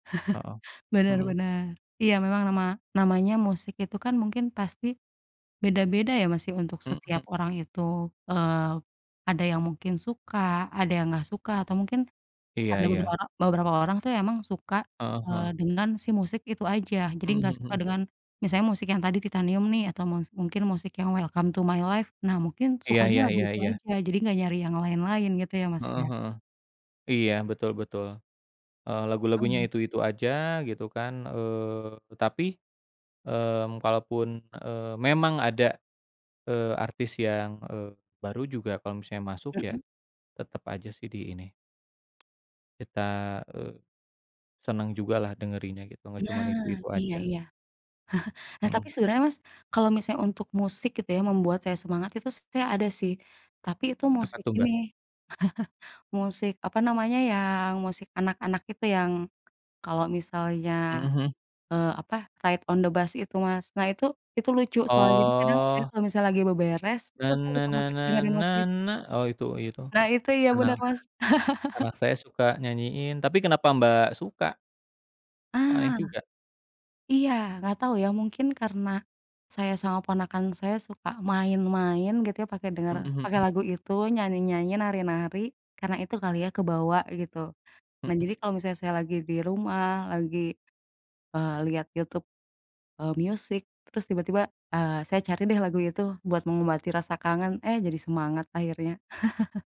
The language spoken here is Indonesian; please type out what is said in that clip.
Heeh, Bener mhm. bener. Iya, memang nama namanya musik itu, kan, mungkin pasti beda-beda, ya, Mas, untuk setiap Mhm. orang itu. Eee, ada yang mungkin suka, ada yang gak suka atau mungkin Iya ada iya. beberoro beberapa orang, tuh, emang suka, Heeh eee, heeh. dengan si musik itu aja. Jadi Mhm gak suka mhm. dengan misalnya musik yang tadi Titanium, nih, atau mus mungkin musik yang Welcome to My Life. Nah, mungkin Iya sukanya iya lagu iya itu iya. aja, jadi gak nyari yang lain-lain gitu, ya, Mas, Heeh ya? heeh. Iya, betul betul. Eee, lagu-lagunya Mmm. itu-itu aja, gitu, kan. Eee, tapi, eee, kalaupun, eee, memang ada, eee, artis yang, eee, baru juga kalau misalnya masuk, ya, Mhm. tetep aja, sih, di ini kita, eee, seneng jugalah dengerinnya gitu, gak cuman Nah, itu-itu iya aja. iya. Nah, tapi Mhm. sebenernya, Mas, kalau misalnya untuk musik itu yang membuat saya semangat itu, s saya ada, sih, tapi itu Apa, musik tuh, Mbak? ini, musik apa namanya yang musik anak-anak itu yang kalau misalnya, Mhm, hmm. eee, apa Ride On The Bus itu, Mas. Nah, itu itu lucu soalnya, jadi kadang saya Oh. kalau misalnya lagi beberes itu Na, saya na suka na banget na, dengerin na musik itu. na. Oh, itu oh, itu. Nah, itu. Iya, Anak bener, Mas. anak saya suka nyanyiin, tapi kenapa, Mbak, suka? Kok aneh Ah. juga. Iya, gak tau, ya, mungkin karena saya sama ponakan saya suka main-main gitu, ya, pake denger Mhm pake mhm. lagu itu nyanyi-nyanyi, nari-nari, karena itu kali, ya, kebawa gitu. Nah, jadi Mhm. kalau misalnya saya lagi di rumah, lagi, eee, lihat YouTube, eee, music terus tiba-tiba, eee, saya cari deh lagu itu buat mengobati rasa kangen. Eh, jadi semangat akhirnya.